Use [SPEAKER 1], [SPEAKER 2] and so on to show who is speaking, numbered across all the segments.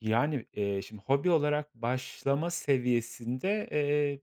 [SPEAKER 1] Yani, iii, şimdi hobi olarak başlama seviyesinde, eee,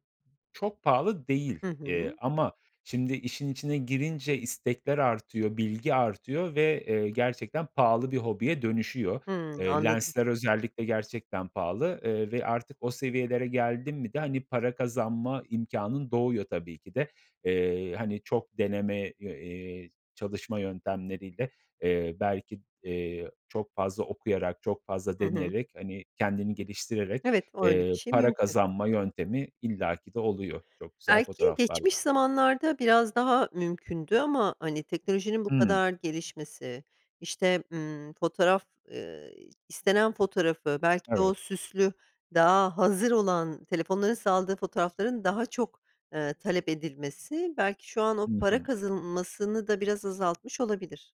[SPEAKER 1] çok pahalı değil.
[SPEAKER 2] Hı
[SPEAKER 1] İii,
[SPEAKER 2] hı.
[SPEAKER 1] ama şimdi işin içine girince istekler artıyor, bilgi artıyor ve, eee, gerçekten pahalı bir hobiye dönüşüyor.
[SPEAKER 2] Hımm,
[SPEAKER 1] Iıı,
[SPEAKER 2] anladım.
[SPEAKER 1] lensler özellikle gerçekten pahalı, ııı, ve artık o seviyelere geldin mi de hani para kazanma imkânın doğuyor tabii ki de. Eee, hani çok deneme, eee, çalışma yöntemleriyle, eee, belki, eee, çok fazla okuyarak, çok fazla
[SPEAKER 2] Hı hı.
[SPEAKER 1] deneyerek, hani, kendini geliştirerek,
[SPEAKER 2] Evet, o öyle bir
[SPEAKER 1] eee,
[SPEAKER 2] şey
[SPEAKER 1] para
[SPEAKER 2] mümkün.
[SPEAKER 1] kazanma yöntemi illaki de oluyor, çok güzel
[SPEAKER 2] Belki
[SPEAKER 1] fotoğraflarla.
[SPEAKER 2] geçmiş zamanlarda biraz daha mümkündü ama, hani, teknolojinin bu
[SPEAKER 1] Hımm.
[SPEAKER 2] kadar gelişmesi, işte, emm, fotoğraf ııı, istenen fotoğrafı, belki de o
[SPEAKER 1] Evet.
[SPEAKER 2] süslü, daha hazır olan, telefonların sağladığı fotoğrafların daha çok, ııı, talep edilmesi belki şu an o
[SPEAKER 1] Hı
[SPEAKER 2] para
[SPEAKER 1] hı.
[SPEAKER 2] kazılmasını da biraz azaltmış olabilir.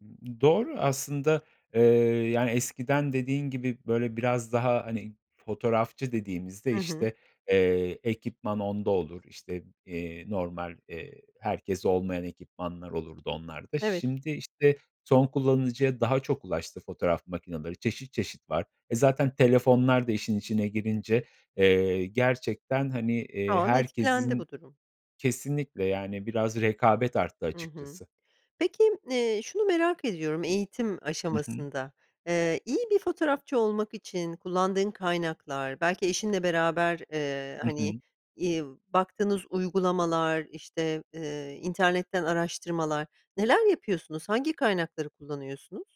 [SPEAKER 1] Imm, ııı, doğru aslında, ııı, yani eskiden dediğin gibi böyle biraz daha, hani, fotoğrafçı dediğimizde,
[SPEAKER 2] Hı hı.
[SPEAKER 1] işte, eee, ekipman onda olur, işte, eee, normal, eee, herkeste olmayan ekipmanlar olurdu onlarda.
[SPEAKER 2] Evet.
[SPEAKER 1] Şimdi, işte, son kullanıcıya daha çok ulaştı fotoğraf makinaları çeşit çeşit var. E, zaten telefonlar da işin içine girince, eee, gerçekten, hani,
[SPEAKER 2] Şu
[SPEAKER 1] iii,
[SPEAKER 2] an etkilendi
[SPEAKER 1] herkesin
[SPEAKER 2] bu durum.
[SPEAKER 1] Kesinlikle, yani, biraz rekabet arttı
[SPEAKER 2] Hı hı.
[SPEAKER 1] açıkçası.
[SPEAKER 2] Peki, iii, şunu merak ediyorum eğitim
[SPEAKER 1] I hı.
[SPEAKER 2] aşamasında, ııı, iyi bir fotoğrafçı olmak için kullandığın kaynaklar, belki eşinle beraber, eee,
[SPEAKER 1] Hı
[SPEAKER 2] hani,
[SPEAKER 1] hı.
[SPEAKER 2] iii, baktığınız uygulamalar, işte, eee, internetten araştırmalar... Neler yapıyorsunuz? Hangi kaynakları kullanıyorsunuz?